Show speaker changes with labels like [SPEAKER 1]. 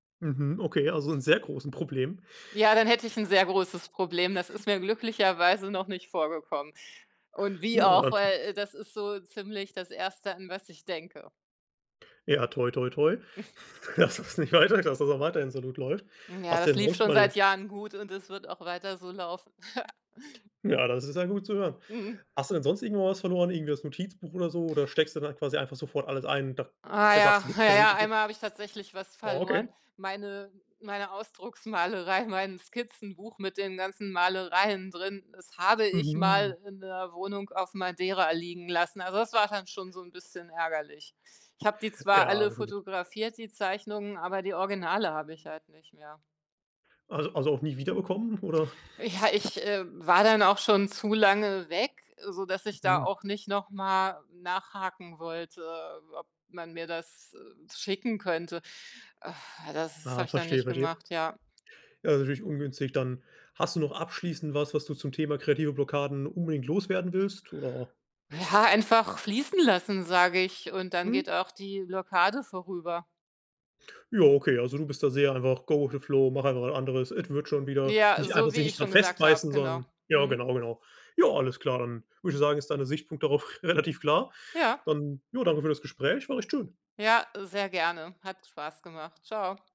[SPEAKER 1] Mhm. Okay, also, 'n sehr großen Problem.
[SPEAKER 2] Ja, dann hätte ich 'n sehr großes Problem. Das ist mir glücklicherweise noch nicht vorgekommen. Und wie
[SPEAKER 1] Ja, da
[SPEAKER 2] auch,
[SPEAKER 1] hat
[SPEAKER 2] weil das ist so ziemlich das 1., an was ich denke.
[SPEAKER 1] Ja, toi, toi, toi, dass das nicht weiter dass das auch weiterhin so gut läuft.
[SPEAKER 2] Ja,
[SPEAKER 1] Hast du
[SPEAKER 2] das
[SPEAKER 1] denn
[SPEAKER 2] lief
[SPEAKER 1] sonst
[SPEAKER 2] schon
[SPEAKER 1] mal
[SPEAKER 2] seit Jahren gut und es wird auch weiter so laufen.
[SPEAKER 1] Ja, das ist ja gut zu hören.
[SPEAKER 2] Mhm.
[SPEAKER 1] Hast du denn sonst irgendwo was verloren, irgendwie das Notizbuch oder so oder steckst du dann quasi einfach sofort alles ein und da
[SPEAKER 2] Ah
[SPEAKER 1] k
[SPEAKER 2] ja,
[SPEAKER 1] sagst du, gibt's
[SPEAKER 2] ja,
[SPEAKER 1] kein
[SPEAKER 2] ja.
[SPEAKER 1] Risiko?
[SPEAKER 2] Einmal habe ich tatsächlich was verloren.
[SPEAKER 1] Okay.
[SPEAKER 2] Meine meine Ausdrucksmalerei, mein Skizzenbuch mit den ganzen Malereien drin, das habe ich
[SPEAKER 1] Mhm.
[SPEAKER 2] mal in 'ner Wohnung auf Madeira liegen lassen. Also, das war dann schon so 'n bisschen ärgerlich. Ich habe die zwar
[SPEAKER 1] Ja
[SPEAKER 2] alle
[SPEAKER 1] natürlich.
[SPEAKER 2] fotografiert, die Zeichnungen, aber die Originale habe ich halt nicht mehr.
[SPEAKER 1] Also also, auch nie wiederbekommen oder?
[SPEAKER 2] Ja, ich, äh, war dann auch schon zu lange weg, sodass ich da
[SPEAKER 1] Hm.
[SPEAKER 2] auch nicht noch mal nachhaken wollte, ob man mir das, äh, schicken könnte. Das habe
[SPEAKER 1] Ah,
[SPEAKER 2] ich dann
[SPEAKER 1] verstehe,
[SPEAKER 2] nicht
[SPEAKER 1] verstehe.
[SPEAKER 2] gemacht, ja.
[SPEAKER 1] Ja, ist natürlich ungünstig dann. Hast du noch abschließend was, was du zum Thema kreative Blockaden unbedingt loswerden willst oder
[SPEAKER 2] Ja, einfach fließen lassen, sage ich, und dann geht
[SPEAKER 1] Mhm.
[SPEAKER 2] auch die Blockade vorüber.
[SPEAKER 1] Ja okay, also, du bist da sehr einfach „go with the flow”, mach einfach was anderes, es wird schon wieder,
[SPEAKER 2] Ja,
[SPEAKER 1] nicht einfach
[SPEAKER 2] so wie
[SPEAKER 1] sich
[SPEAKER 2] ich
[SPEAKER 1] nicht
[SPEAKER 2] schon
[SPEAKER 1] daran
[SPEAKER 2] gesagt habe,
[SPEAKER 1] festbeißen,
[SPEAKER 2] genau.
[SPEAKER 1] sondern ja
[SPEAKER 2] Mhm.
[SPEAKER 1] genau, genau. Ja, alles klar, dann würde ich sagen, ist deine Sichtpunkt darauf relativ klar.
[SPEAKER 2] Ja.
[SPEAKER 1] Dann, ja, danke für das Gespräch. War echt schön.
[SPEAKER 2] Ja, sehr gerne, hat Spaß gemacht. Tschau.